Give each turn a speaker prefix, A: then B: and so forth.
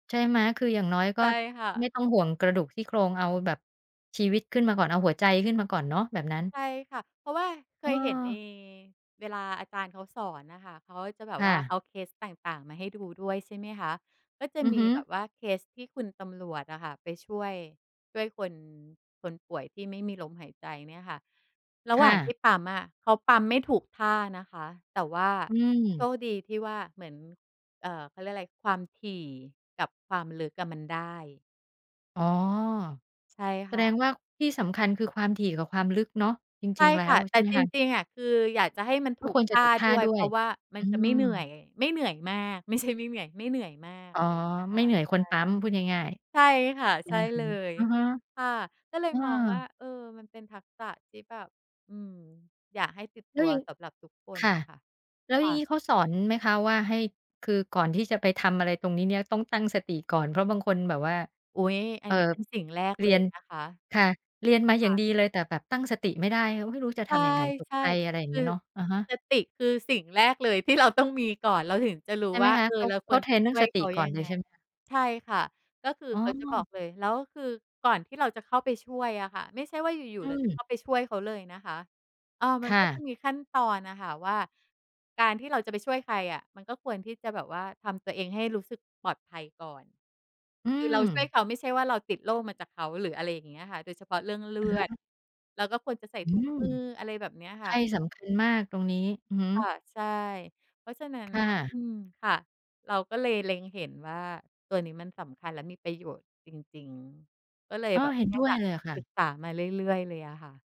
A: ใช่ไหม? คืออย่างน้อยก็
B: ใช่ค่ะ
A: ไม่ต้องห่วงกระดูกซี่โครง เอาแบบชีวิตขึ้นมาก่อนเอาหัวใจขึ้นมาก่อนเนาะ แบบนั้น
B: ใช่ค่ะ เพราะว่าเคยเห็นใน
A: เออ
B: เวลาอาจารย์เขาสอนน่ะค่ะ เขาจะแบ
A: ค
B: บ
A: ่
B: ว่าเ
A: ะ
B: อาเคสต่าง ๆ มาให้ดูด้วย ใช่ไหมคะ ก็จะ
A: อือ
B: มี
A: ฮึ
B: แบบว่าเคสที่คุณตำรวจอะค่ะ ไปช่วย ช่วยคน คนป่วยที่ไม่มีลมหายใจเนี่ยค่ะ ระ
A: ค
B: หว
A: ่
B: ่างที
A: ะ
B: ่ปั๊มอะ เขาปั๊มไม่ถูกท่านะคะ แต่ว่า
A: อื
B: โช
A: ม
B: คดีที่ว่า เหมือน เอ่อ เขาเรียกอะไร ความถี่กับความลึกอะมันได้
A: อ๋อ
B: ใช่
A: แส
B: ค่
A: ด
B: ะ
A: งว่าที่สำคัญ คือความถี่กับความลึกเนาะ จ
B: ใช
A: ร
B: ่
A: ิง ๆ แล้
B: ค่
A: ว
B: ะ
A: ใ
B: แ
A: ช
B: ต่
A: ่ไหม
B: จ
A: คะ?
B: ริง ๆ อะ คืออยากจะให้มันถ
A: ก็
B: ู
A: ค
B: ก
A: วร
B: ท
A: จะ
B: ่
A: ถ
B: า
A: ูกท
B: ด
A: ่
B: ้
A: า
B: วย
A: ด้
B: เพ
A: ว
B: ร
A: ย
B: าะว่ามั
A: อื
B: นจะไม่เห
A: ม
B: นื่อย ไม่เหนื่อยมาก ไม่ใช่ไม่เหนื่อย ไม่เหนื่อยมาก
A: อ๋
B: อ
A: อ
B: ะไรอย่างเงี้ย
A: ไม
B: ค
A: ่
B: ่ะ
A: เหนื่อยคนปั๊มพูดง่าย
B: ใช่ ใช่ค่ะ
A: ๆ อื
B: ใช
A: อ
B: ่
A: ฮ
B: เ
A: ึ
B: ลย
A: อือฮึ
B: ค่ะ ก็เล
A: เ
B: ย
A: อ
B: มองว่า
A: อ
B: เออ มันเป็นทักษะที่แบบ อืม อยากให้ติดต
A: แล้
B: ั
A: ว
B: ว
A: อย่าง
B: สำหรับทุกคน
A: ค่ะ
B: ค่ะ
A: แล้ว
B: ค
A: อ
B: ่
A: ย่างง
B: ะ
A: ี้เขาสอนไหมคะว่าให้ คือก่อนที่จะไปทำอะไรตรงนี้เนี่ยต้องตั้งสติก่อน? เพราะบางคนแบบว่า
B: อุ๊ย อั
A: เอ่
B: นนี้
A: อ
B: เป็นสิ่งแรก
A: เ
B: เ
A: ร
B: ล
A: ีย
B: ย
A: น
B: นะคะ
A: ค่ะ เรียนมาอย
B: ค
A: ่า
B: ่
A: ง
B: ะ
A: ดีเลย แต่แบบตั้งสติไม่ได้ไม่รู้จะ
B: ใช
A: ท
B: ่
A: ำยังไงตก
B: ใช่
A: ใจ อะไรอย่า
B: ค
A: งเงี
B: ื
A: ้
B: อ
A: ยเนาะ อะฮะ
B: สติ คือสิ่งแรกเลยที่ เรา ต้องมีก่อนเราถึงจะรู้
A: ใช่ไห
B: ว
A: ม
B: ่า
A: คะ
B: เออ
A: เขา
B: เรา
A: เ
B: ค
A: ขา
B: วร
A: เทร
B: จะ
A: นเร
B: ช
A: ื่อ
B: ่
A: ง
B: ว
A: ส
B: ย
A: ต
B: เ
A: ิ
B: ขา
A: ก่
B: ย
A: อ
B: ั
A: น
B: ง
A: เล
B: ไ
A: ย
B: ง
A: ใช่ไหมคะ?
B: ใช่ค่ะ ก็คือ
A: อ๋
B: เขาจะบอ
A: อ
B: กเลย แล้วคือก่อนที่เราจะเข้าไปช่วยอะค่ะ ไม่ใช่ว่าอยู
A: อ
B: ่ ๆ
A: ื
B: เราจะ
A: ม
B: เข้าไปช่วยเขาเลยนะคะ เออ ม
A: ค
B: ัน
A: ่
B: ก็จะ
A: ะ
B: มีขั้นตอนอะค่ะว่า การที่เราจะไปช่วยใครอะ มันก็ควรที่จะแบบว่าทำตัวเองให้รู้สึกปลอดภัยก่อน
A: อื
B: คือเราช่วย
A: ม
B: เขาไม่ใช่ว่าเราติดโรคมาจากเขา หรือ อะไรอย่างเงี้ยค่ะ โดยเฉพาะเรื่องเลื
A: อะฮ
B: อด
A: ะ
B: เราก็ควรจะใส่
A: อื
B: ถุง
A: ม
B: มือ อะไรแบบเนี้ยค
A: ใช
B: ่
A: ่
B: ะ
A: สำคัญมากตรงนี้ อือฮึ
B: ค่ะ ใช่ เพราะฉะนั้น
A: ค่
B: น่ะ
A: ะ
B: อืม ค่ะ เราก็เลยเล็งเห็นว่าตัวนี้มันสำคัญและมีประโยชน์จริง ๆ ก็เลย
A: อ้อ
B: แบบ
A: เห็น
B: ว
A: ด
B: ่า
A: ้วยเลยอะค่
B: ศึ
A: ะ
B: กษามาเรื่อย ๆ เลยอะค่ะ